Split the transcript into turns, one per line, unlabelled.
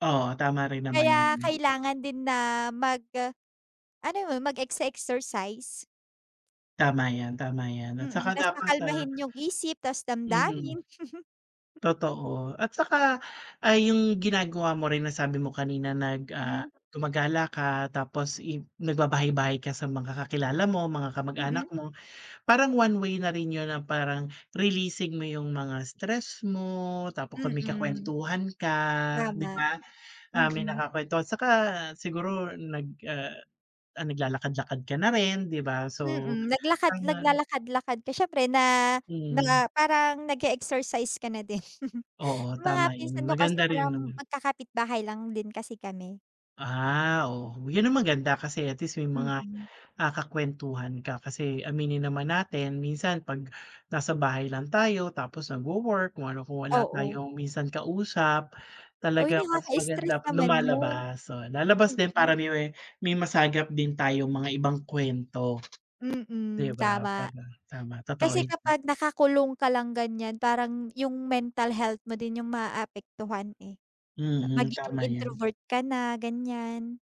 Oo, tama rin naman
Kaya
yun.
kailangan din na mag ah, ano mem, mag-exe-exercise.
Tama yan, tama yan. At
Mm,
saka
tas
dapat, ah
pakalmahin yung isip, tas
mhm.
damdamin.
Totoo, at saka ay yung ginagawa mo rin na sabi mo kanina nag ah,
Mm.
gumagala ka, tapos i nagbabahay-bahay ka sa mga kakilala mo, mga kamag-anak
Mm.
mo. Parang one way na rin yun ng parang releasing mo yung mga stress mo. Tapo kami
Mm,
kakuwentuhan ka, di
drama,
ba? Ah, may
mm.
nakakwentuhan. Saka, siguro nag ah, ah, naglalakad-lakad ka na rin, di ba? So,
Mm, naglakad
taman
naglalakad-lakad ka siyempre na
Hmm.
na parang nag-e-exercise ka na din.
Oo,
Yung mga
tama yun,
pinsan ko kasi
maganda rin
parang
naman.
magkakapitbahay lang din kasi kami.
Ah, oh, yun ang maganda kasi at least may mga,
Mm.
ah, kakuwentuhan ka. Kasi aminin naman natin minsan pag nasa bahay lang tayo tapos nagwo-work kung ano, kung wala
Oo.
tayong minsan kausap,
Uy,
talagang mas
nakaka-stress
maganda pag
naman yun.
lumalabas. So, lalabas din para
Mm.
may me may masagap din tayong mga ibang kuwento.
Mm,
'Di ba,
tama.
para tama, totoo
Kasi
yan, hmm.
kapag nakakulong ka lang ganiyan, parang yung mental health mo din yung maapektuhan, eh. Pa
Mm,
magiging
tama yan.
introvert ka na, ganiyan.